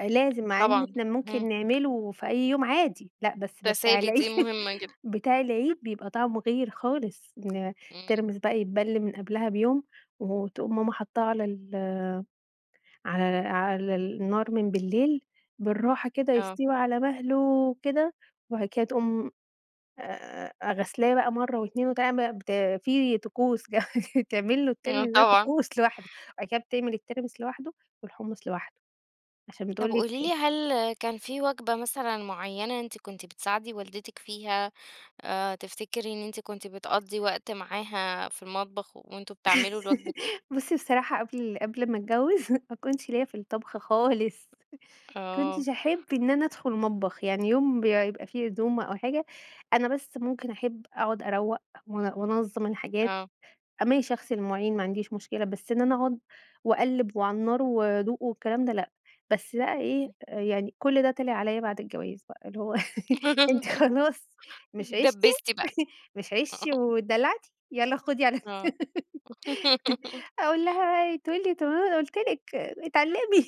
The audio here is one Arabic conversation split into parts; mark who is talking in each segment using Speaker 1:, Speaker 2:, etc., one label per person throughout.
Speaker 1: آآ، لازم مع إن
Speaker 2: طبعًا
Speaker 1: إحنا
Speaker 2: ،اهم.
Speaker 1: ممكن نعملوا في أي يوم عادي، لأ بس ده بتاع
Speaker 2: تسالي
Speaker 1: العيد
Speaker 2: دي مهمة جدًا.
Speaker 1: بتاع العيد بيبقى طعمه غير خالص إن
Speaker 2: إمم.
Speaker 1: الترمس بقى يتبل من قبلها بيوم، وتقوم ماما حطّاه على ال على لا على النار من بالليل بالراحة كده
Speaker 2: آه.
Speaker 1: يستوي على مَهله كده، وبعد كده تقوم آآ، آآ، أ غسلاه بقى مرّة واتنين وتع بقى في طقوس جمج تعمل له
Speaker 2: آه
Speaker 1: التاني ده
Speaker 2: طبعًا.
Speaker 1: طقوس لواحده، وبعد كده بتعمل الترمس لوحده، والحمص لوحده عشان
Speaker 2: طب
Speaker 1: بتقول
Speaker 2: قولي لي
Speaker 1: لِك
Speaker 2: هل كان في وجبة مثلًا معيّنة أنتِ كنتِ بتساعدي والدتِك فيها آآ، تفتكري إن أنتِ كنتِ بتقضّي وقت معاها في المطبخ و وأنتم بتعملوا الوجبة دي؟
Speaker 1: بُصّي بصراحة قبل قبل ما اتجوّز ما كنتش ليّا في الطبخ خالص، ما
Speaker 2: آه.
Speaker 1: كنتش احب إن أنا ادخل مطبخ، يعني يوم ب يا يبقى في عزومة أو حاجة أنا بس ممكن احب أقعُد أروّق وان وانظّم الحاجات،
Speaker 2: آه.
Speaker 1: أ ماشي اغسل المواعين ما عنديش مشكلة بس إن أنا اقعُد واقلب وعلى النار وادوق والكلام ده لأ، بس بقى إيه آآ، يعني كل ده طلع عليّا بعد الجواز بقى اللي هو أنتِ خلاص مش عيشتِ
Speaker 2: اتدبّسي بقى.
Speaker 1: مش عيشتِ
Speaker 2: آه.
Speaker 1: وادلّعتِ يلّا خدي على
Speaker 2: آه.
Speaker 1: دماغك أقول لها ي تقول لي طب ما أنا قُلت لِك اتعلّمي،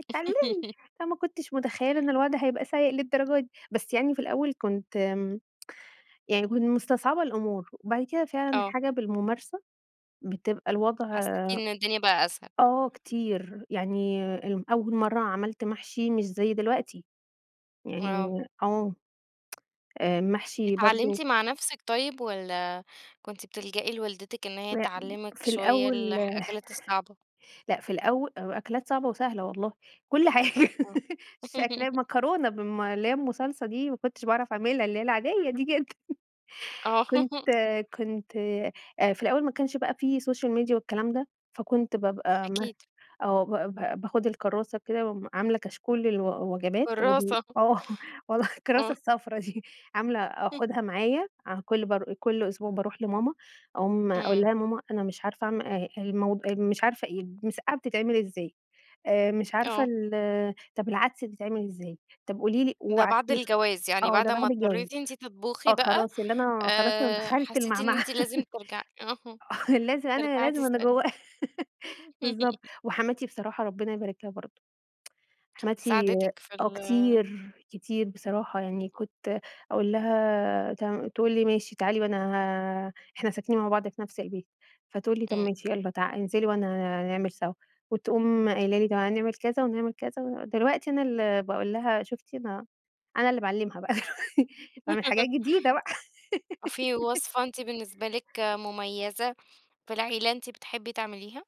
Speaker 1: اتعلّمي، فما كنتش متخيلة إن الوضع هيبقى سيء للدرجة دي، بس يعني في الأول كنت آمم، يعني يكون كنت مستصعبة الأمور وبعد كده فعلًا
Speaker 2: آه.
Speaker 1: الحاجة بالممارسة بتبقى الوضع
Speaker 2: حسّيتِ إن الدنيا بقى أسهل.
Speaker 1: آه، كتير يعني الم أول مرّة عملت محشي مش زي دلوقتي، يعني
Speaker 2: آه.
Speaker 1: آه، المحشي
Speaker 2: اتعلّمتِ
Speaker 1: برضه
Speaker 2: مع نفسك طيب والّا كنتِ بتلجئي لوالدتِك إن هي
Speaker 1: لأ
Speaker 2: تعلّمك
Speaker 1: في
Speaker 2: شوية
Speaker 1: الأول
Speaker 2: الح الأكلات الصعبة؟
Speaker 1: لأ في الأو آآ، و أكلات صعبة وسهلة والله كل حاجة
Speaker 2: آه.
Speaker 1: في أكلا مكرونة بالم اللي هي أم صلصة دي ما كنتش باعرف اعملها اللي العادية دي جدًا.
Speaker 2: آه.
Speaker 1: كنت كنت آآ، في الأول ما كانش بقى في سوشيال ميديا والكلام ده فكنت بابقى ما
Speaker 2: أكيد.
Speaker 1: آه، با با باخد الكرّاسة كده وم عاملة كشكول للو وجبات وال
Speaker 2: كرّاسة.
Speaker 1: آه والله الكرّاسة
Speaker 2: آه.
Speaker 1: الصفرا دي عاملة أخدها معايا أع كل بار آآ، كل أسبوع باروح لماما عمومًا أقول
Speaker 2: إمم.
Speaker 1: لها يا ماما أنا مش عارفة اعم آآ، الموض آآ، مش عارفة إيه المسقعة بتتعمل ازاي آآ، مش عارفة
Speaker 2: آه.
Speaker 1: ال طب العدس بيتعمل ازاي، طب قولي لي
Speaker 2: ده بعد
Speaker 1: وابعتيها
Speaker 2: الجواز، يعني
Speaker 1: آه،
Speaker 2: بعد
Speaker 1: ده
Speaker 2: ما
Speaker 1: بعد الجواز،
Speaker 2: اضطريتي أنتِ تطبخي
Speaker 1: آه،
Speaker 2: بقى
Speaker 1: خلاص اللي أنا خلاص أنا
Speaker 2: آآ،
Speaker 1: دخلت
Speaker 2: حسّيتِ إن
Speaker 1: المعمعة
Speaker 2: أنتِ لازم ترجعي أها
Speaker 1: آه، لازم أنا يا
Speaker 2: ترجعي
Speaker 1: لازم أنا
Speaker 2: تسألي.
Speaker 1: جوّا بالضبط وحماتي بصراحة ربنا يبارك لها برضه، حماتي
Speaker 2: ساعدتِك في
Speaker 1: آه
Speaker 2: ال
Speaker 1: كتير، كتير بصراحة، يعني كنت أقول لها تمام، تقول لي ماشي تعالي وأنا ه إحنا ساكنين مع بعض في نفس البيت فتقول لي طب
Speaker 2: إمم.
Speaker 1: ماشي يلّا تعا انزلي وأنا هنعمل سوا وتقوم قايلة لي تعالي نعمل كذا ونعمل كذا، ودلوقتي أنا اللي باقول لها شوفتِ أنا أنا اللي باعلمها بقى اللي هو باعمل حاجات جديدة بقى.
Speaker 2: أ في وصفة أنتِ بالنسبة لِك مميزة في العيلة أنتِ بتحبي تعمليها؟